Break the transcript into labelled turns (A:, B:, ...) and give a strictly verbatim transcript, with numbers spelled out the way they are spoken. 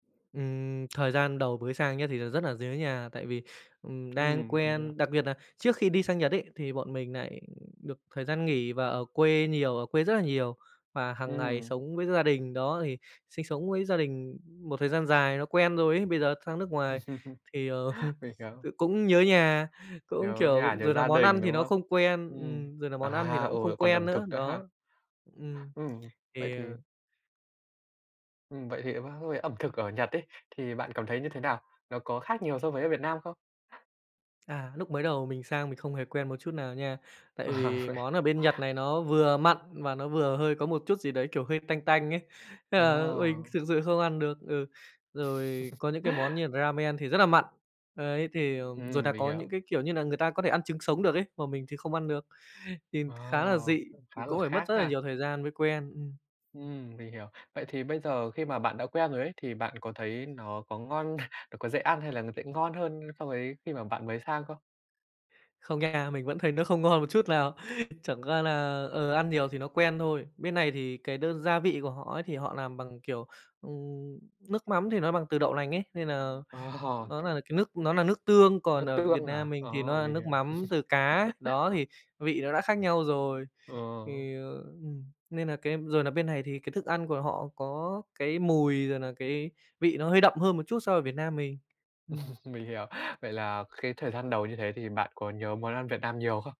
A: Ừm, thời gian đầu bới sang nhá, thì là rất nà dớ nhà tại vì, ừm, đang
B: Ừm [unintelligible]
A: quen đặc biệt nà trước khi đi sang Nhật ấy, thì bọn mình nại được thời gian nghỉ và ở quê nhiều, ở quê rất là nhiều và hàng ngày
B: Ừm.
A: sống với gia đình, đó, thì sinh sống với gia đình một thời gian dài nó quen rồi ấy. Bây giờ sang nước ngoài thì, ờ,
B: Mình hiểu.
A: tự cũng nhớ nhà, cũng,
B: Nhớ
A: kiểu
B: nhà, nhớ
A: rồi nà
B: gia
A: món ăn
B: đình,
A: thì
B: đúng
A: nó
B: không?
A: không quen.
B: Ừm,
A: Ừm, rồi nà món ăn thì
B: à,
A: nó cũng
B: ừ,
A: không
B: lại còn
A: quen
B: ẩm
A: nữa,
B: thực nữa ha.
A: đó. Ừm,
B: Ừm, vậy
A: thì,
B: thì
A: ờ
B: Ừm, vậy thì qua với ẩm thực ở Nhật ấy, thì bạn cảm thấy như thế nào? Nó có khác nhiều so với ở Việt Nam không?
A: À, lúc mới đầu mình sang mình không hề quen một chút nào nha. Tại
B: À,
A: vì
B: vậy.
A: món ở bên Nhật này nó vừa mặn mà nó vừa hơi có một chút gì đấy, kiểu, hơi tanh tanh ấy. Thế là mình
B: À.
A: thực sự không ăn được. Ừ, rồi có những cái món như là ramen thì rất là mặn. Đấy, thì, ờm, rồi
B: Ừm,
A: là
B: mình
A: có những
B: hiểu.
A: cái, kiểu như nà, người ta có thể ăn trứng sống được ấy. Mà mình thì không ăn được, thì
B: Ờ,
A: khá là dị,
B: cũng
A: ừ,
B: khá là
A: cũng phải mất
B: khác
A: rất là
B: ha.
A: nhiều thời gian mới quen. Ừm.
B: Ừm, mình hiểu. Vậy thì bây giờ khi mà bạn đã quen rồi ấy, thì bạn có thấy nó có ngon, nó có dễ ăn hay là nó sẽ ngon hơn so với khi mà bạn mới sang không?
A: Không nha. Mình vẫn thấy nó không ngon một chút nào. Chẳng qua là, ờ, ăn nhiều thì nó quen thôi. Bên này thì cái đơn gia vị của họ ấy, thì họ làm bằng, kiểu, ừm, nước mắm thì nó bằng từ đậu lành ấy. Nên là
B: Ờ.
A: nó là cái nước nó là nước tương, còn
B: Nước
A: ở Việt
B: tương à?
A: Nam mình thì
B: Ờ,
A: nó là
B: mình
A: nước
B: hiểu.
A: mắm từ cá, đó, thì vị nó đã khác nhau rồi.
B: Ờ.
A: Thì, ờ, ừm, nên nà cái rồi nà bên này thì cái thức ăn của họ có cái mùi, rồi nà cái vị nó hơi đậm hơn một chút so ở Việt Nam mình. Ừm.
B: Mình hiểu. Vậy là cái thời gian đầu như thế thì bạn có nhớ món ăn Việt Nam nhiều không?